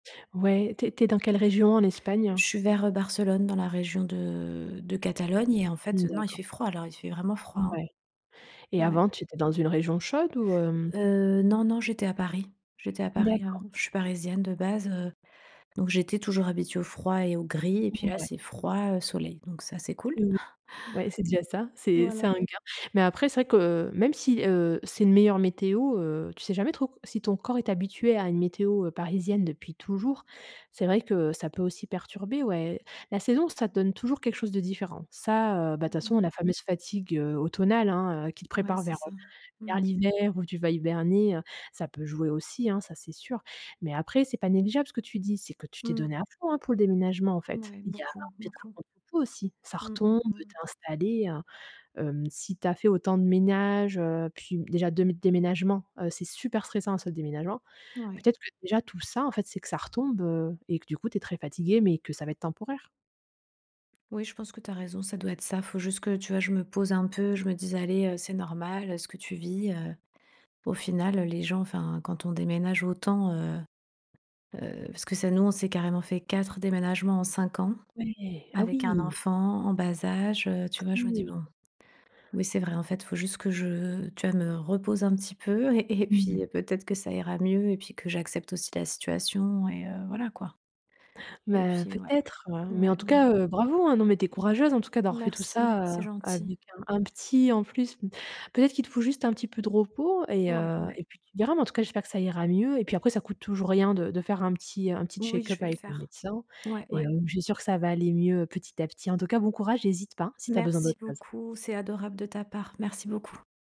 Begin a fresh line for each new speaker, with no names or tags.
Ouais, tu es tu es dans quelle région en Espagne?
Je suis vers, heu, Barcelone, dans la région de de Catalogne et en
Mmh
fait, heu, non, il
d'accord.
fait froid là, il fait vraiment froid, hein.
Mouais et
Ouais.
avant, tu étais dans une région chaude ou hem?
Heu, non, non, j'étais à Paris. J'étais à Paris
D'accord.
avant, je suis parisienne de base, heu, donc j'étais toujours habituée au froid et au gris et puis là,
Mouais.
c'est froid, heu, soleil, donc ça, c'est cool.
Oui, ouais c'est déjà ça, c'est c'est
Voilà.
un gain. Mais après, c'est vrai que même si, heu, c'est une meilleure météo, heu, tu sais jamais trop co si ton corps est habitué à une météo, heu, parisienne depuis toujours. C'est vrai que ça peut aussi perturber ouais. La saison, ça te donne toujours quelque chose de différent. Ça, heu, bah toute
Mmh
façon,
mh.
la fameuse fatigue, heu, automnale, hein, heu, qui te
Ouais,
prépare
c'est
vers,
ça.
heu,
Mmh.
vers l'hiver où tu vas hiberner, heu, ça peut jouer aussi, hein, ça, c'est sûr. Mais après, c'est pas négligeable ce que tu dis, c'est que tu t'es
Mmh.
donnée à fond, hein, pour le déménagement en fait.
Mouais,
Il y a
beaucoup.
peut être un
Beaucoup.
contre coup aussi, ça
Mmh.
retombe
Mmh.
heu,
Mmh.
tu es installée à hem. Si tu as fait autant de ménage, heu, puis b déjà 2 m déménagements, heu, c'est super stressant à ce déménagement.
Mouais.
Peut-être que déjà tout ça, en fait, c'est que ça retombe, heu et que du coup, tu es très fatiguée, mais que ça va être temporaire.
Oui je pense que tu as raison, ça doit être ça. Il faut juste que tu vois je me pose un peu, je me dise: «Allez heu, c'est normal, heu, ce que tu vis heu». Au final heu, les gens enfin quand on déménage autant, heu, heu, parce que ça nous, on s'est carrément fait 4 déménagements en 5 ans
Ouais, ah
avec un
oui!
enfant en bas âge, heu, tu vois? Je me dis:
Mmh.
«Bon». Oui, c'est vrai, en fait, il faut juste que je, tu vois, me repose un petit peu et et
Mmh
puis,
ouais.
heu, peut être que ça ira mieux et puis que j'accepte aussi la situation et heu, voilà quoi» et
Ben
puis
peut
ouais,
être, heu, mais en
ouais,
tout
ouais.
cas, heu, bravo, hein, non mais tu es courageuse en tout cas d'avoir fait tout
Merci,
ça,
c'est
heu,
gentil.
avec un un petit en plus mmh. Peut être qu'il te faut juste un petit peu de repos et
Ouais,
heu,
ouais.
et puis, tu verras mais en tout cas, j'espère que ça ira mieux et puis après, ça coûte toujours rien de de faire un petit un petit
Oui,
check
je
up
vais le
avec le
faire.
médecin
Ouais,
et
ouais.
hem, je suis sûre que ça va aller mieux petit à petit. En tout cas, bon courage et hésite pas si tu as besoin
Merci
d'autre chose.
beaucoup. C'est adorable de ta part. Merci beaucoup.